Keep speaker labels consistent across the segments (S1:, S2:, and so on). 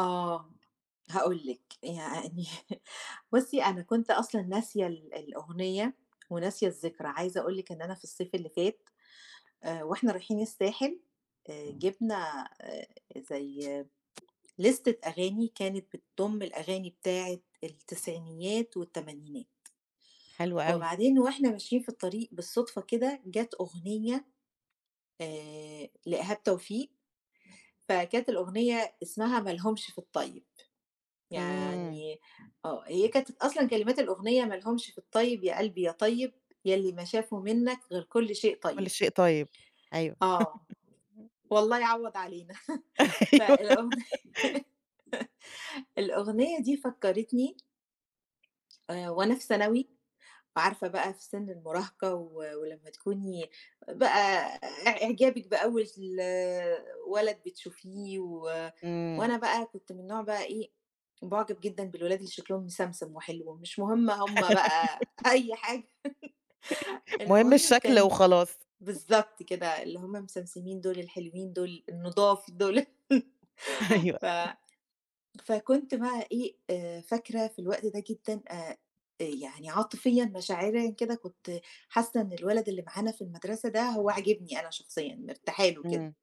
S1: آه، هاقول لِك يعني بُصّي، أنا كنت أصلًا ناسية ال الأغنية وناسية الذكرى، عايزة أقول لِك إن أنا في الصيف اللي فات، آآ وإحنا رايحين الساحل، آآ جِبنا آآ زي لِستة أغاني كانت بتضم الأغاني بتاعة التسعينيات والتمانينات،
S2: حلو أوي.
S1: وبعدين وإحنا ماشيين في الطريق بالصدفة كده، جَت أغنية آآ لإيهاب توفيق فكانت الأغنية اسمها ما لهمش في الطيّب،
S2: إمم.
S1: يعني آه، هي كانت أصلًا كلمات الأغنية ما لهمش في الطيّب يا قلبي يا طيّب، ياللي ما شافوا مِنَّك غير كل شيء
S2: كل
S1: طيّب.
S2: شيء طيّب. أيوَه.
S1: آه، والله يعوَّض علينا،
S2: أيوة.
S1: فالأغنية الأغنية دي فكّرتني آآ وأنا في ثانوي، وعارفة بقى في سن المراهقة و ولمّا تكوني إ بقى إع إعجابك بأول ولد بتشوفيه، و
S2: إمم.
S1: وأنا بقى كنت من النوع بقى إيه، باعُجَب جدًا بالولاد اللي شكلهم مسمسم وحلو، مش مهم هُم بقى أي حاجة
S2: مهم
S1: المهم
S2: الشكل
S1: كان
S2: وخلاص.
S1: بالضبط كده، اللي هُم مسمسمين دول الحلوين دول النضاف دول.
S2: أيوه.
S1: ف فكنت بقى إيه آآ، فاكرة في الوقت ده جدًا، آآ إ يعني عاطفيًا مشاعريًا كده كنت حاسة إن الولد اللي معانا في المدرسة ده هو عاجبني أنا شخصيًا، مرتاحة له كده،
S2: إمم.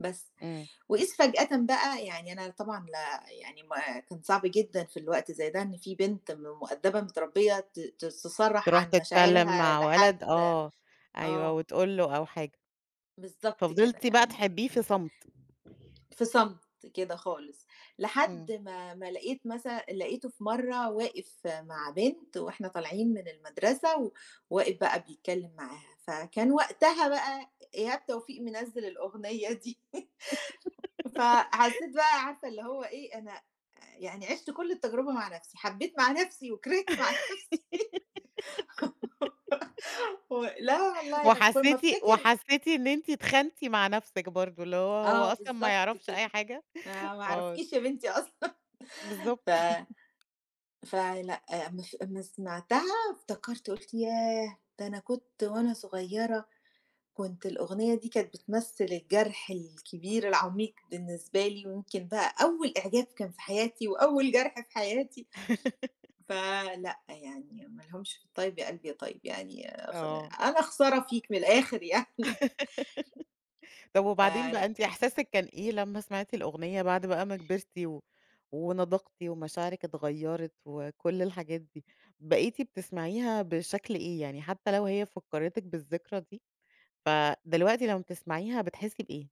S1: بس.
S2: إمم.
S1: وإذ فجأةً بقى يعني أنا طبعًا لا يعني ما كان صعب جدًا في الوقت زي ده إن فيه بنت م مؤدبة متربية ت ت تصرَّح
S2: تروح
S1: عن
S2: تتكلم
S1: مشاعرها
S2: مع ولد،
S1: لحد،
S2: آه، أيوَه،
S1: آه.
S2: وتقول له أو حاجة.
S1: بالضبط كده
S2: ففضلتِ بقى
S1: يعني
S2: تحبيه في صمت.
S1: في صمت كده خالص، لحد
S2: إمم.
S1: ما ما لاقيت مثلًا، لقيته في مَرَّة واقف مع بنت وإحنا طالعين من المدرسة، وواقف بقى بيتكلم معاها، فكان وقتها بقى إيهاب توفيق منزِّل الأغنية دي. فحسيت بقى عارفة اللي هو إيه، أنا آآ يعني عِشت كل التجربة مع نَفْسي، حبيت مع نَفْسي وكرهت مع نَفْسي. و لا والله ل كل ما
S2: وحسيتِ،
S1: أفتكر
S2: وحسيتِ إن أنتِ اتخانتي مع نَفْسك برضو اللي هو، هو
S1: آه
S2: أصلًا ما
S1: بالضبط
S2: يعرَفش
S1: كده.
S2: أي حاجة.
S1: آآ ما
S2: آه.
S1: اعرفكيش يا بنتي أصلًا،
S2: بالضبط.
S1: ف فلأ أمّا ف أمّا سمَعتها، افتكرت، قُلت ياه! ده أنا كنت وأنا صغيرة، كنت الأغنية دي كانت بتمثل الجرح الكبير العميق بالنسبة لي، ويمكن بقى أول إعجاب كان في حياتي، وأول جرح في حياتي. فلأ يعني ما لهمش في الطيّب يا قلبي يا طيّب، يعني خ
S2: آه.
S1: أنا خسارة فيك من الآخر يعني.
S2: طَب وبعدين بقى
S1: فلأ.
S2: أنتِ إحساسِك كان إيه لمّا سمَعتِ الأغنية بَعد بقى ما كبَرتِ و ونضجتِ ومشاعرِك اتغيّرت وكل الحاجات دي؟ بقيتِ بتسمَعيها بشكل إيه، يعني حتّى لو هي فكّرِتِك بالذكرى دي، فدلوقتي لمّا بتسمَعيها بتحسي بإيه؟